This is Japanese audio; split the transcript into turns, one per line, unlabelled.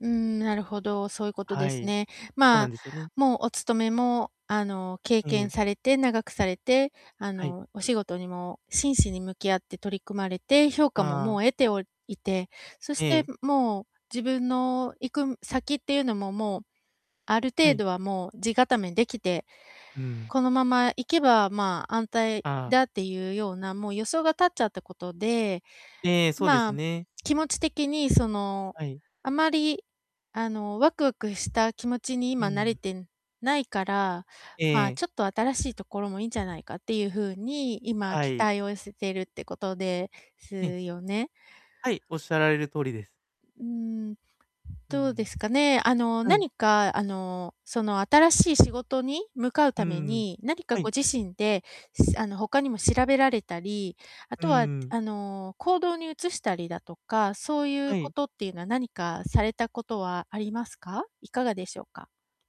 うん、なるほど、そういうこと
は
です
い、
ね。
そう
ま
なん
あ、
ですよね。
もうお勤めも、あの、経
え
験
え。
されて長くされて、あ
はい。
の、お仕事にも真摯に向き合って取り組まれて、評価も
ああ。
もう得ておいて、そ
え
して
え。
もう、自分の行く先っていうのも、もうある
は
程
い。
度はもう、地固め出来て、
うん。
このままいけば、まあ、安泰
ああ。
だっていうようなもう予想が立っちゃったことで、
ええ、そうで
ま
す
あ、
ね。
気持ち的に、その、
はい。
あまり、あの、ワクワクした気持ちに
う
今な
ん。
れてないから、ま
え
あ、
え。
ちょっと新しいところもいいんじゃないかっていう風に、今
は
期
い。
待を寄せているってことです
ええ。
よね。
はい、仰られる通りです。
うーん、
う
どうで
ん。
すかね。あの、
はい。
何かあの、その新しい仕事に向かう
う
ため
ん、
に、何か
は
ご
い。
自身で、あの、他にも調べられたり、あ
う
とは
ん。
あの、行動に移したりだとか、そういう
は
こ
い。
とっていうのは何かされたことはありますか？いかがでしょうか？